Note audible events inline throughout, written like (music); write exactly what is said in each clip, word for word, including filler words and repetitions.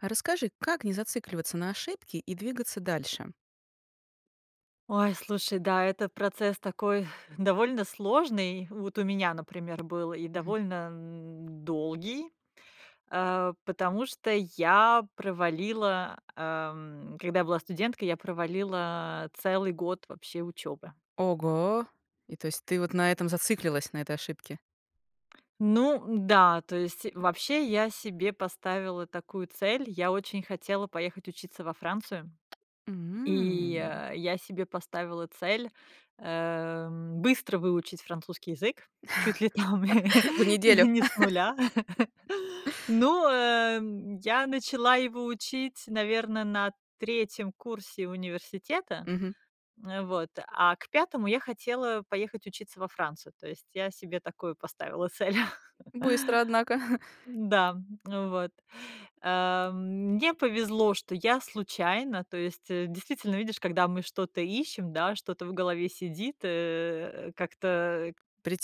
Расскажи, как не зацикливаться на ошибке и двигаться дальше? Ой, слушай, да, это процесс такой (sighs) довольно сложный. Вот у меня, например, был и Мгм. довольно, м, долгий, а, потому что я провалила, ам, когда я была студенткой, я провалила целый год вообще учёбы. Ого! И то есть ты вот на этом зацикливалась, на этой ошибке? Ну да, то есть вообще я себе поставила такую цель: я очень хотела поехать учиться во Францию. И, М. э, я себе поставила цель, э, быстро выучить французский язык чуть ли там (laughs) В неделю. не с нуля. (laughs) (laughs) Ну, эм, я начала его учить, наверно, на третьем курсе университета, Мгм. эм, вот, а к пятому я хотела поехать учиться во Францию, то есть я себе такую поставила цель. (laughs) Быстро, однако. (chuckles) Да, вот. Эм, мне повезло, что я случайно, то есть, действительно, видишь, когда мы что-то ищем, да, что-то в голове сидит, э, как-то, э,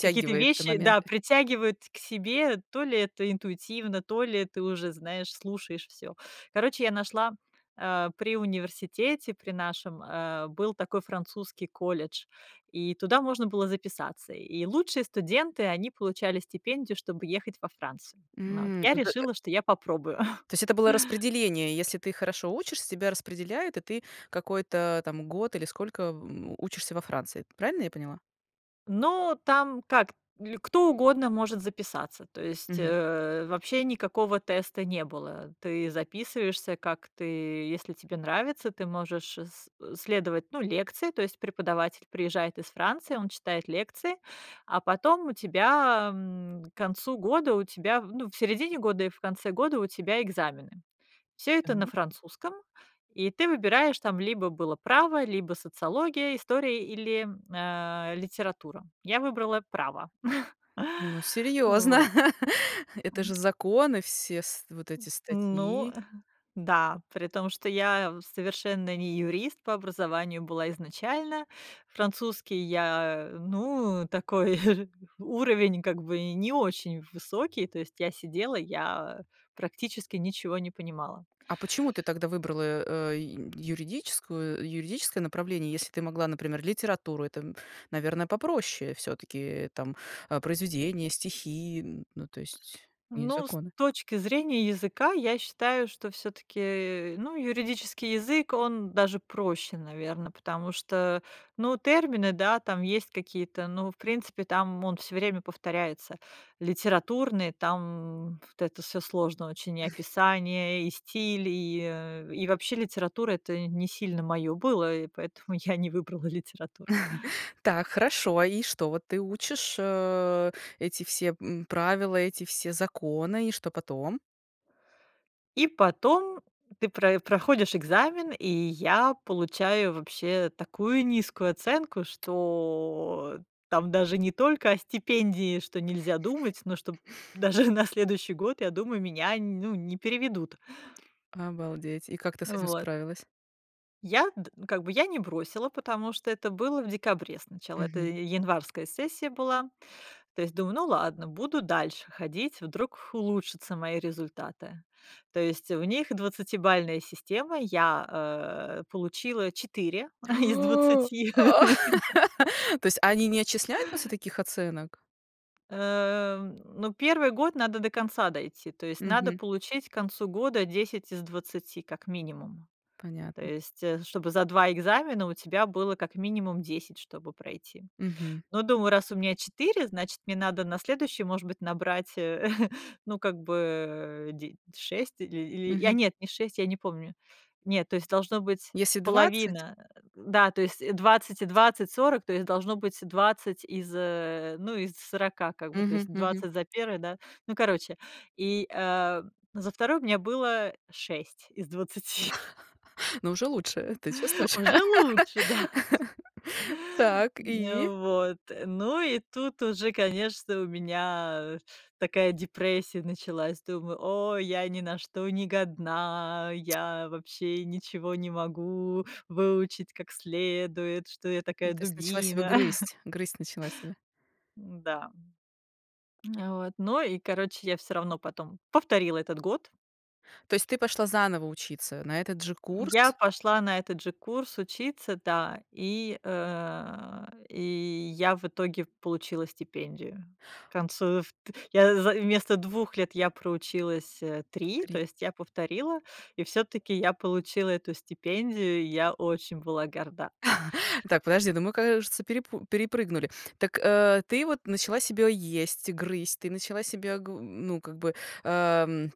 какие-то вещи, да, моменты. притягивают к себе, то ли это интуитивно, то ли ты уже, знаешь, слушаешь всё. Короче, я нашла, а, при университете, при нашем, э, был такой французский колледж, и туда можно было записаться. И лучшие студенты, они получали стипендию, чтобы ехать во Францию. Вот, М, я д э э. решила, что я попробую. (chuckles) То есть это было распределение, и если ты хорошо учишься, тебя распределяют, и ты какой-то год, или сколько, м, учишься во Франции. Правильно я поняла? Ну, там как, или кто угодно может записаться, то есть, Мгм. э, вообще никакого теста не было. Ты записываешься, как ты, если тебе нравится, ты можешь с следовать, ну, лекции, то есть преподаватель приезжает из Франции, он читает лекции, а потом у тебя, м, к концу года, у тебя, ну, в середине года и в конце года у тебя экзамены. Всё это на Так. французском, и ты выбираешь, там либо было право, либо социология, история или, а, литература. Я выбрала право. (chuckles) Ну, серьезно. Вот. (laughs) Это же законы все, с вот эти Ну статьи. да. При том что я совершенно не юрист по образованию была изначально, французский я, ну, такой (chuckles) уровень, как бы, не очень в высокий, то есть я сидела, я практически ничего не понимала. А почему ты тогда выбрала, э, ю юридическую юридическое направление, если ты могла, например, литературу? Это, м, наверно, попроще всё-таки, там, а, произведения, стихи, н ну, то есть, не Ну, с законы. точки зрения языка, я считаю, что всё-таки, э, ну, юридический язык, он даже проще, наверно, потому что, ну, термины, да, там есть какие-то, ну, в принципе, там он всё время повторяется. Литературный там вот это всё сложно очень: и описание, и стиль, и, э, и вообще литература- это не сильно моё было, и поэтому я не выбрала литературу. (chuckles) Так, хорошо, и что? Ты учишь, э, эти все, м, правила, эти все законы, и что потом? И потом ты прои проходишь экзамен, и я получаю вообще такую низкую оценку, что там даже не только о стипендии, что нельзя думать, но что п даже на следующий год, я думаю, меня, ну, не переведут. Обалдеть! И как ты с этим Вот. справилась? Я д как бы я не бросила, потому что это было в декабре сначала, это Мгм. и январская сессия была. То есть думаю: "Ну ладно, буду дальше ходить, вдруг улучшатся мои результаты". То есть у них двадцатибалльная система, я а получила четыре (chuckles) из О! двадцати. (laughs) (laughs) То есть они не отчисляют после таких оценок? Эм, ну, первый год надо до конца дойти, то есть надо Мгм. получить к концу года десять из двадцати, как минимум. То Понятно. есть чтобы за два экзамена у тебя было как минимум десять, чтобы пройти. Мгм. Ну, думаю, раз у меня четыре, значит, мне надо на следующий, может быть, набрать, э, (chuckles) ну, как бы, э, де шесть или или, я Мгм. нет, не шесть, я не помню. Нет, то есть должно быть Если двадцать. половина, да, то есть двадцать и двадцать, сорок, то есть должно быть двадцать из, э, ну, из сорока, как бы, то есть Мгм мгм. двадцать за первое, да, ну, короче. И, э, за второй у меня было шесть из двадцати. (laughs) Но уже лучше, ты чувствуешь? Уже лучше, да. (laughs) Так, и? Н вот, ну, и тут уже, конечно, у меня такая депрессия началась. Думаю: "О, я ни на что не годна, я вообще ничего не могу выучить как следует, что я Ну, такая то есть начала себя дубина". (chuckles) грызть, грызть начала себя. М-да, м. А вот, ну и короче, я всё равно потом повторила этот год. То есть ты пошла заново учиться на этот же курс? Я пошла на этот же курс учиться, да, и, э, и я в итоге получила стипендию. К концу вт я, в вместо двух лет я проучилась, э, три, то три. есть я повторила, и всё-таки я получила эту стипендию, я очень была горда. (chuckles) Так, подожди, ну мы, кажется, перепу перепрыгнули. Так, а ты вот начала себя есть, грызть, ты начала себя гу ну, как бы, ам,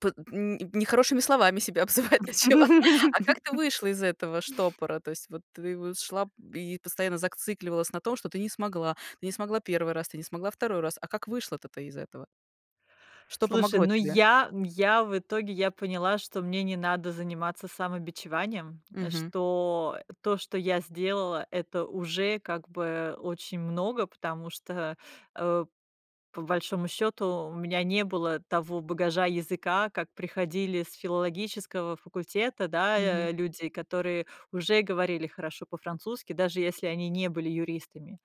под нь нехорошими словами себя обзывать начала. А как ты (laughs) вышла из этого штопора? То есть вот ты вот шла и постоянно зацикливалась на том, что ты не смогла, ты не смогла первый раз, ты не смогла второй раз. А как вышла-то ты из этого? Что Слушай, помогло ну, тебе? я я в итоге, я поняла, что мне не надо заниматься самобичеванием, Мгм. что то, что я сделала,- это уже, как бы, очень много, потому что, э, по большому счёту, у меня не было того багажа языка, как приходили с филологического факультета. Да Мгм. я люди, которые уже говорили хорошо по-французски, даже если они не были юристами.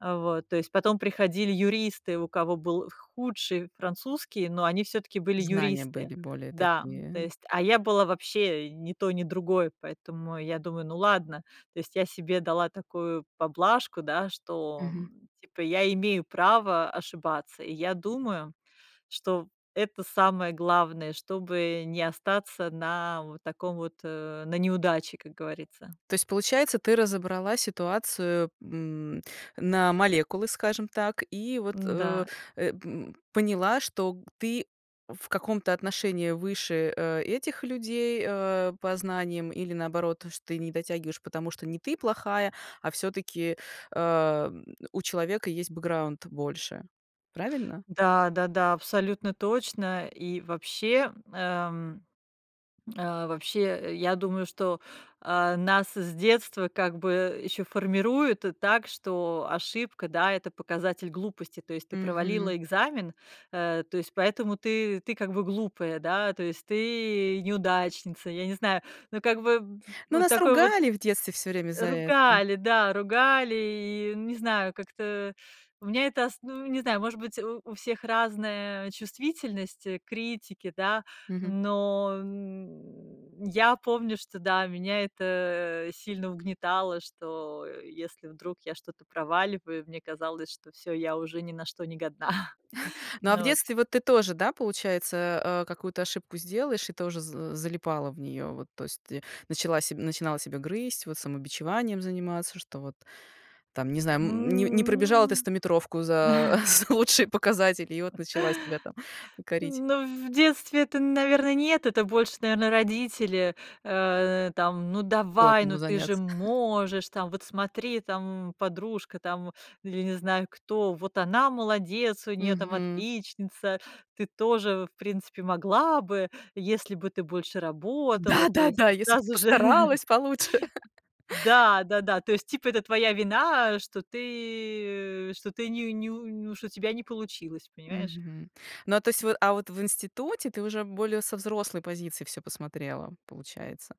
А, вот, то есть потом приходили юристы, у кого был худший французский, но они всё-таки были Знания юристы, были более да. То такие есть, а я была вообще ни той ни другой, поэтому я думаю: "Ну, ладно". То есть я себе дала такую поблажку, да, что, Мгм. м, типа я имею право ошибаться, и я думаю, что в это самое главное, чтобы не остаться на вот таком вот на неудаче, как говорится. То есть получается, ты разобрала ситуацию, м, на молекулы, скажем так, и вот, э, Да. э, м, поняла, что ты в каком-то отношении выше, э, этих людей, а, по знаниям, или наоборот, что ты не дотягиваешь, потому что не ты плохая, а всё-таки, ам, у человека есть бэкграунд больше, правильно? Да, да-да, абсолютно точно. И вообще, м, эм, э, вообще, я думаю, что, а, нас с детства как бы ещё формируют так, что ошибка, да- это показатель глупости. То есть ты Мгм. провалила экзамен, а, то есть поэтому ты ты как бы глупая, да, то есть ты- неудачница, я не знаю, ну, как бы Ну, вот нас такой вот ругали в детстве всё время за это. Ругали, да, ругали, и не знаю, как-то у меня это ос ну, не знаю, может быть, у у всех разная чувствительность к критике, да, Мгм. но, м, я помню, что, да, меня это сильно угнетало, что если вдруг я что-то проваливаю, мне казалось, что всё, я уже ни на что не годна. (chuckles) (chuckles) Ну, а в Ну вот. детстве, вот, ты тоже, да, получается, а, какую-то ошибку сделаешь и тоже з залипала в нее? Вот, то есть ты начала себя начинала себя грызть, вот, самобичеванием заниматься, что вот там, не знаю, м, не не М, пробежала ты стометровку ну за (chuckles) за лучшие показатели, и вот (chuckles) начала себя там корить. Ну, в детстве это, наверное, нет, это больше, наверное, родители, э, там: "Ну, Было давай, кому ну, ты же заняться. (chuckles) можешь, там, вот смотри, там, м, подружка, там, или не знаю кто, вот она молодец, у неё там Мгм. отличница, ты тоже, в принципе, могла бы, если бы ты больше работала", то есть Да-да-да, "если бы ты сразу же. (laughs) постаралась получше". Да, да-да, то есть, типа, это твоя вина, что ты что ты не неу неу что у тебя не получилось, понимаешь? Мгм, ну а то есть вот а вот в институте ты уже более со взрослой позиции всё посмотрела, получается?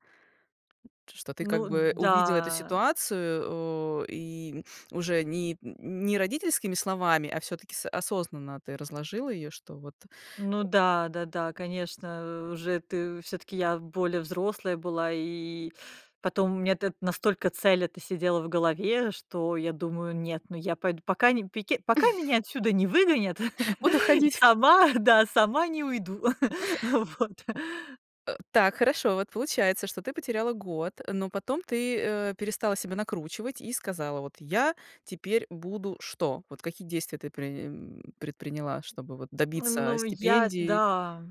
Что ты, как Ну бы, увидела эту да. ситуацию, о, и уже ни не родительскими словами, а всё-таки с осознанно ты разложила ее, что вот Ну да, да-да, конечно, у уже ты всё-таки я более взрослая была, и потом у меня эт настолько цель эта сидела в голове, что я думаю: "Нет, ну я пойду, пока не пик пока меня (chuckles) отсюда не выгонят, Буду (laughs) ходить! сама, да, сама не уйду вот". Э, так, хорошо, вот получается, что ты потеряла год, но потом ты, э, перестала себя накручивать и сказала: "Вот я теперь буду..." Что? Вот какие действия ты прее м предприняла, чтобы вот добиться Ну, я, стипендии? да,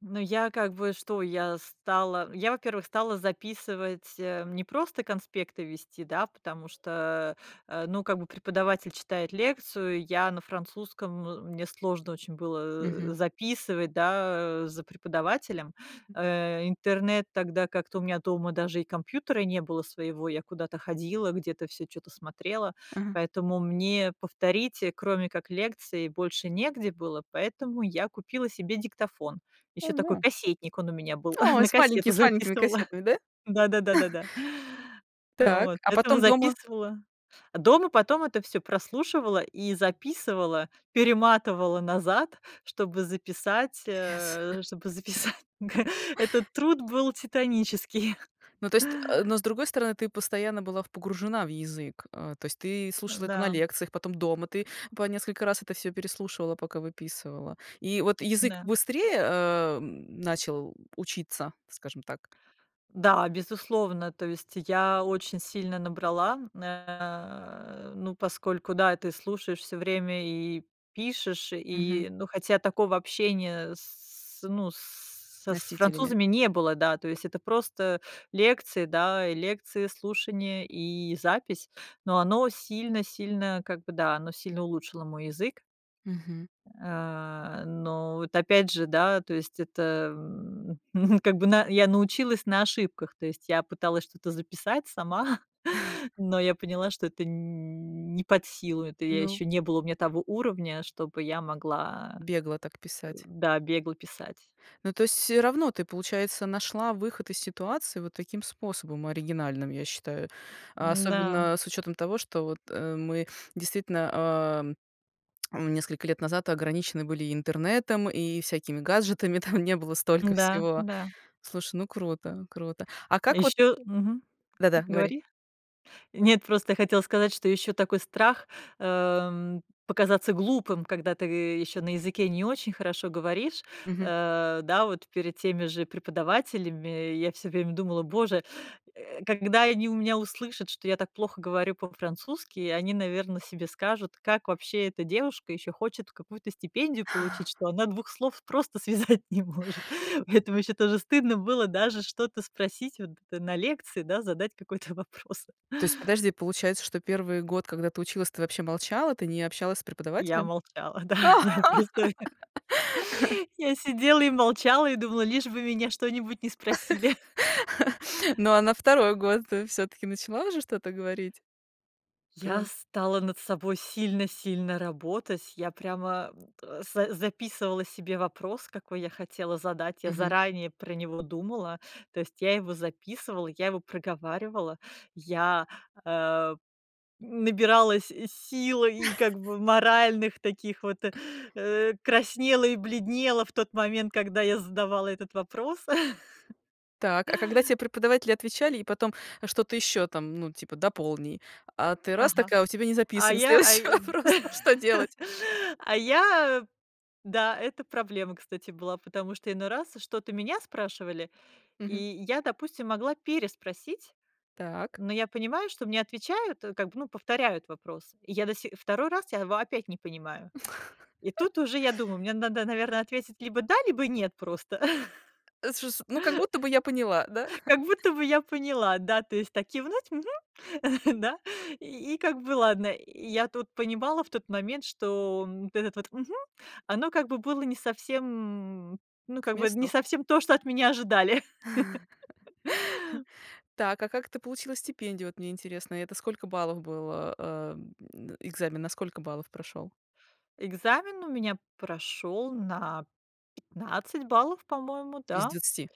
ну, я как бы что, я стала. Я, во-первых, стала записывать, э, не просто конспекты вести, да, потому что, э, ну, как бы преподаватель читает лекцию, я на французском, м мне сложно очень было, Мгм. э, записывать, да, за преподавателем. Э, интернет тогда как-то у меня дома даже и компьютера не было своего, я куда-то ходила, где-то всё чё-то смотрела. Ага. Поэтому мне повторить, кроме как лекции, больше негде было, поэтому я купила себе диктофон. Ещё такой Ага. кассетник, он у меня был, Ой, (chuckles) на с маленьки кассету с маленькими записывала. кассетами, да? Да, да-да-да, да. (chuckles) Так, Вот, а этого потом дома? записывала А дома потом это всё прослушивала и записывала, перематывала назад, чтобы записать, Пипец. э, чтобы записать. Г этот труд был титанический. Ну то есть, а, но, с другой стороны, ты постоянно была погружена в язык. А, то есть, ты слушала это на Да. лекциях, потом дома, ты по несколько раз это всё переслушивала, пока выписывала. И вот язык Да. быстрее, а, м, начал, м, учиться, скажем так? Да, безусловно, то есть я очень сильно набрала, э, ну, поскольку, да, ты слушаешь всё время и пишешь, Мгм. и, ну, хотя такого общения с, ну, с с Носителями. французами не было, да, то есть это просто лекции, да, лекции, слушание и запись, но оно сильно сильно как бы, да, оно сильно улучшило мой язык. Мгм. А, но вот, опять же, да, то есть это, м, (chuckles) как бы я научилась на ошибках, то есть я пыталась что-то записать сама, (chuckles) но я (chuckles) поняла, что это нь не под силу, это я Ну ещё не было у меня того уровня, чтобы я могла, Бегло так э, писать. да, бегло писать. Ну, то есть всё равно ты, получается, нашла выход из ситуации вот таким способом оригинальным, я считаю, а Да. особенно с учетом того, что вот, э, мы действительно, ам, м, несколько лет назад ограничены были и интернетом, и всякими гаджетами, там не было столько Да, всего. да. Слушай, ну круто круто. А А как вот еще мгм, Да-да, говори. говори. Нет, просто я хотела сказать, что еще такой страх, эм, показаться глупым, когда ты еще на языке не очень хорошо говоришь, Мгм. э, да, вот перед теми же преподавателями. Я всё время думала: "Боже, э, когда они у меня услышат, что я так плохо говорю по-французски, они, наверное, себе скажут, как вообще эта девушка ещё хочет какую-то стипендию получить, что (chuckles) она двух слов просто связать не может". Поэтому ещё тоже стыдно было даже что-то спросить вот на лекции, да, задать какой-то вопрос. То есть, подожди, получается, что первый год, когда ты училась, ты вообще молчала, ты не общалась с Я преподавателем? молчала, да, я просто (laughs) Я сидела и молчала, и думала, лишь бы меня что-нибудь не спросили. (laughs) (laughs) Ну, а на второй год ты всё-таки начала уже что-то говорить? Я Прям стала над собой сильно сильно работать, я прямо, м, т с записывала себе вопрос, какой я хотела задать, я Мгм. заранее про него думала. То есть я его записывала, я его проговаривала, я, эм, набиралась сил и, (chuckles) как бы, моральных таких вот, э, краснела и бледнела в тот момент, когда я задавала этот вопрос. (laughs) Так, а когда тебе преподаватели отвечали и потом что-то еще там, ну, типа: "Дополни". А ты, раз, так, Ага. а у тебя не А записан я а следующего вопрос-то, что (laughs) делать? а я Да, это проблема, кстати, была, потому что иной раз что-то меня спрашивали, и Мгм. я, допустим, могла переспросить, Так. но я понимаю, что мне отвечают, как бы, ну, повторяют вопрос. И я до си второй раз я его опять не понимаю. И тут уже я думаю: (laughs) "Мне надо, наверное, ответить либо да, либо нет просто". Это ж с Ну как будто бы я поняла, да? (laughs) Как (laughs) будто бы я поняла, да, то есть так кивнуть: "Мгм", да. (chuckles) И как бы ладно. И я тут понимала в тот момент, что, м, вот это вот "мгм", оно как бы было не совсем Ну, К как бы не месту? совсем то, что от меня ожидали. (laughs) (laughs) Так, а как ты получила стипендию, вот мне интересно? Это сколько баллов было? Ам, экзамен на сколько баллов прошел? Экзамен у меня прошёл на пятнадцать баллов, по-моему, Из да, двадцати?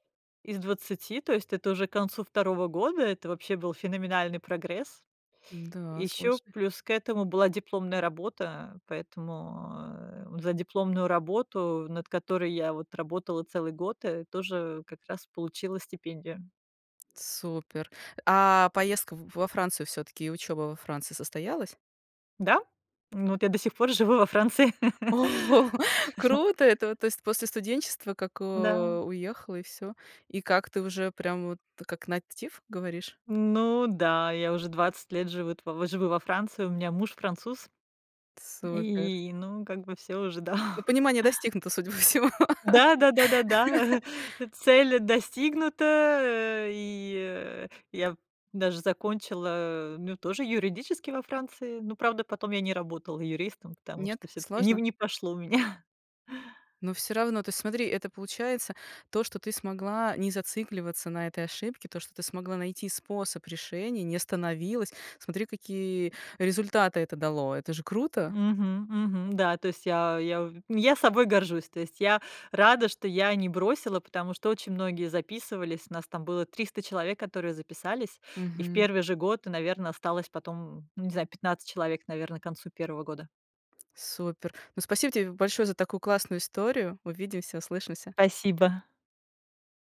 из двадцати, то есть это уже к концу второго года, это вообще был феноменальный прогресс. И Да, ещё слушай. плюс к этому была дипломная работа, поэтому, э, за дипломную работу, над которой я, вот, работала целый год, э, тоже как раз получила стипендию. Супер. А поездка в во Францию всё-таки, учеба во Франции состоялась? Да? Ну, вот я до сих пор живу во Франции. Ого, (laughs) круто! Это, то есть, после студенчества, как, Да. а, уехала и всё. И как ты, уже прям вот как native говоришь? Ну да, я уже двадцать лет живут живу во Франции, у меня муж- француз, Супер. и, ну, как бы, всё уже, Ну, да. понимание достигнуто, судя по всему. Да да да да да, (laughs) (chuckles) цель достигнута, а, и, э я даже закончила, ну, тоже юридический во Франции, ну, правда, потом я не работала юристом, потому Нет? что всё-таки не в Сложно? не пошло у меня. Ну всё равно, то есть смотри, это получается то, что ты смогла не зацикливаться на этой ошибке, то, что ты смогла найти способ решения, не остановилась, смотри, какие результаты это дало, это же круто. Мгм мгм. Да, то есть я я я собой горжусь. То есть я рада, что я не бросила, потому что очень многие записывались, нас там было триста человек, которые записались. И в Мгм. первый же год, наверно, осталось потом, ну, не знаю, пятнадцать человек, наверно, к концу первого года. Супер. Ну, спасибо тебе большое за такую классную историю. Увидимся, услышимся. Спасибо.